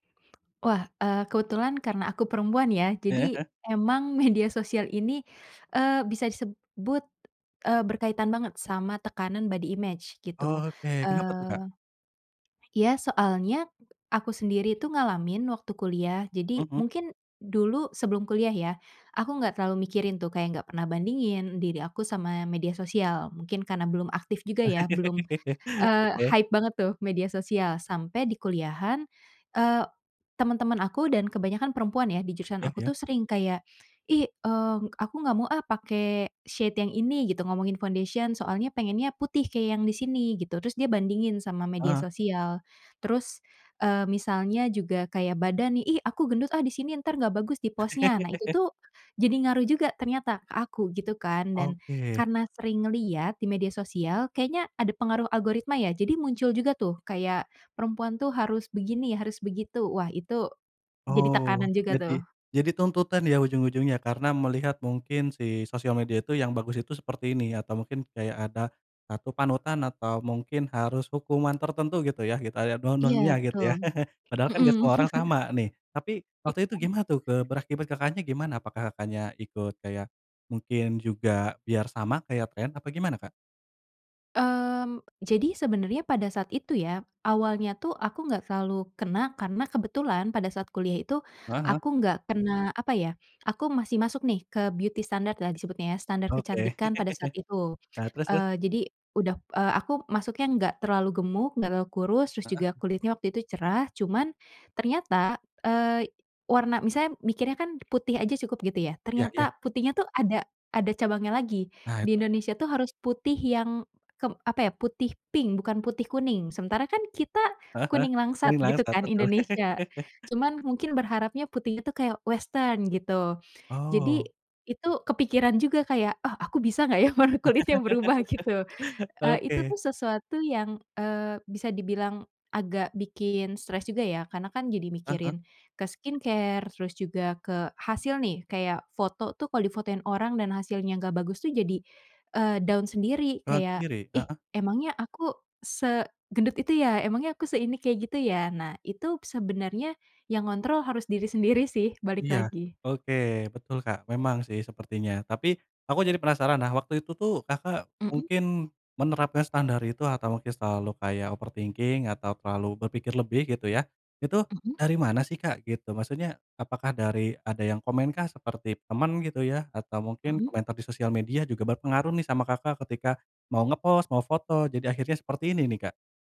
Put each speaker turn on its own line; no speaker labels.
Wah, eee, kebetulan karena aku perempuan ya,
Heeh
jadi
heeh.
emang media sosial ini, eee, bisa disebut, eee, berkaitan banget sama tekanan body image gitu.
Oke, kenapa tuh Kak?
Eee, ya soalnya aku sendiri itu ngalamin waktu kuliah,
Mhm
jadi
mhm.
mungkin dulu sebelum kuliah ya, aku gak terlalu mikirin tuh kayak gak pernah bandingin diri aku sama media sosial, mungkin karena belum aktif juga ya, belum, eee,
Oke.
hype banget tuh media sosial, sampai di kuliahan, eee, teman-teman aku dan kebanyakan perempuan ya, di jurusan
Ya
aku tuh
ya.
sering kayak "Ih, eee, aku gak mau ah pake shade yang ini," gitu ngomongin foundation, "soalnya pengennya putih kayak yang di sini," gitu, terus dia bandingin sama
Ah
media
hah.
sosial. Terus, eee, misalnya juga kayak badan nih, "Ih aku gendut ah di sini, entar gak bagus di post-nya." Nah itu tuh jadi ngaruh juga ternyata ke aku gitu kan. Dan
Oke.
karena sering liat di media sosial kayaknya ada pengaruh algoritma ya, jadi muncul juga tuh kayak perempuan tuh harus begini, harus begitu, wah itu jadi
Oh
tekanan juga tuh.
jadi jadi tuntutan ya ujung-ujungnya karena melihat mungkin si sosial media itu, yang bagus itu seperti ini, atau mungkin kayak ada satu panutan, atau mungkin harus hukuman tertentu gitu ya, kita lihat dong-dongnya
Iya
gitu
betul.
ya. Padahal kan gak
Mhm.
semua orang sama nih. Tapi
Iya.
waktu itu gimana tuh, eee, berakibat Kakaknya gimana? Apakah Kakaknya ikut kayak mungkin juga biar sama kayak tren apa gimana Kak?
Mmm, jadi sebenernya pada saat itu ya, awalnya tuh aku gak terlalu kena karena kebetulan pada saat kuliah itu,
Heeh heeh.
aku nggak kena apa ya, aku masih masuk nih ke beauty standard lah disebutnya ya, standar
Oke.
kecantikan pada saat itu.
Nah, terus terus?
Eee, jadi udah eee, aku masuknya nggak terlalu gemuk, nggak terlalu kurus, terus
Heeh.
juga kulitnya waktu itu cerah, cuman ternyata, eee, warna misalnya mikirnya kan putih aja cukup gitu ya,
Ya ya
ternyata putihnya tuh ada ada cabangnya lagi.
Nah
Di
itu
Indonesia tuh harus putih yang kep apa ya, putih pink, bukan putih kuning. Sementara kan kita
Heeh heeh.
kuning langsat
Kuning
gitu
langsat,
kan
betul.
Indonesia. Cuman mungkin berharapnya putih itu kayak western gitu. Jadi
Oh.
itu kepikiran juga kayak, ah aku bisa gak ya warna kulitnya berubah gitu, eee, itu
Oke.
tuh sesuatu yang, eee, bisa dibilang agak bikin stres juga ya, karena kan jadi
Heeh heeh.
mikirin ke skincare, terus juga ke hasil nih kayak foto tuh kalo difotoin orang dan hasilnya gak bagus tuh jadi, eee, down sendiri
Down
kayak,
sendiri,
"Ih
heeh.
emangnya aku segendut itu ya? Emangnya aku seini kayak gitu ya?" nah itu sebenernya yang ngontrol harus diri sendiri sih, balik
Iya,
lagi.
oke, betul Kak. Memang sih sepertinya. Tapi aku jadi penasaran. Nah, waktu itu tuh Kakak
Mhm.
mungkin menerapkan standar itu atau mungkin selalu kayak overthinking atau terlalu berpikir lebih gitu ya, itu
Mhm.
dari mana sih Kak gitu? Maksudnya apakah dari ada yang komen kah seperti teman gitu ya atau mungkin
Mhm.
komentar di sosial media juga berpengaruh nih sama Kakak ketika mau nge-post, mau foto jadi akhirnya seperti ini nih Kak?